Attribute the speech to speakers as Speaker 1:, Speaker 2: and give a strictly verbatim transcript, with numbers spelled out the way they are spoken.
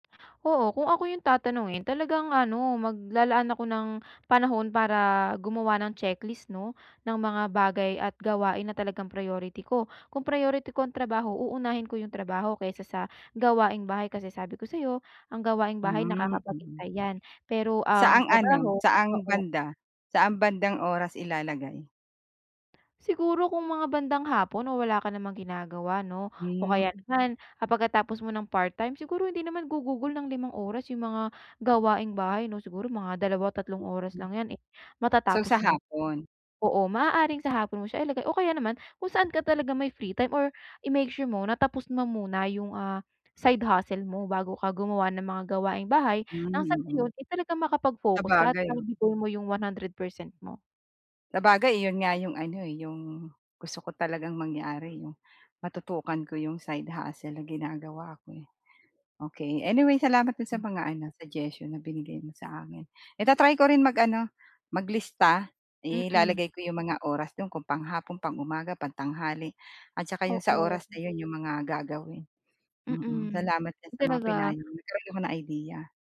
Speaker 1: Oo. Kung ako yung tatanungin talagang ano, maglalaan ako ng panahon para gumawa ng checklist 'no, ng mga bagay at gawain na talagang priority ko. Kung priority ko ang trabaho, uunahin ko yung trabaho kaysa sa gawaing bahay, kasi sabi ko sa'yo ang gawaing bahay
Speaker 2: Hmm, mm.
Speaker 1: nakakapaghintay 'yan pero ang
Speaker 2: Saang ano,
Speaker 1: trabaho
Speaker 2: saang
Speaker 1: oo.
Speaker 2: banda? Saan bandang oras ilalagay?
Speaker 1: Siguro kung mga bandang hapon o wala ka namang ginagawa 'no, o kaya
Speaker 2: Hmm.
Speaker 1: naman ang pagkatapos mo ng part-time siguro hindi naman gugugol ng limang oras yung mga gawaing bahay, 'no? Siguro mga dalawa o tatlong oras lang yan eh,
Speaker 2: So,
Speaker 1: matatapos
Speaker 2: sa
Speaker 1: mo na.
Speaker 2: hapon?
Speaker 1: Oo, maaaring sa hapon mo siya ilagay o kaya naman kung saan ka talaga may free time or i-make sure mo na tapos mo muna yung, ah, side hustle mo bago ka gumawa ng mga gawaing bahay
Speaker 2: Hmm,
Speaker 1: nang sa gano'n
Speaker 2: mm.
Speaker 1: ay talagang makapag-focus ka at
Speaker 2: Sabagay o.
Speaker 1: maibigay mo yung one hundred perecent mo.
Speaker 2: Sabagay, iyon nga yung ano eh, yung gusto ko talagang mangyari, yung matutukan ko yung side hustle na ginagawa ko eh. Okey. Anyway, salamat dun
Speaker 1: Hmm.
Speaker 2: sa mga ano, suggestion na binigay mo sa akin. I-ta-try ko rin mag-ano, mag-lista.
Speaker 1: Mm.
Speaker 2: Ilalagay ko yung mga oras do'n kung panghapon, pang-umaga, pangtanghali at tsaka yung sa
Speaker 1: Oo.
Speaker 2: oras na 'yon yung mga gagawin, mm.
Speaker 1: Mm.
Speaker 2: Salamat diyan sa mga
Speaker 1: Talaga.
Speaker 2: pinayo mo. Nagkaroon ako ng idea.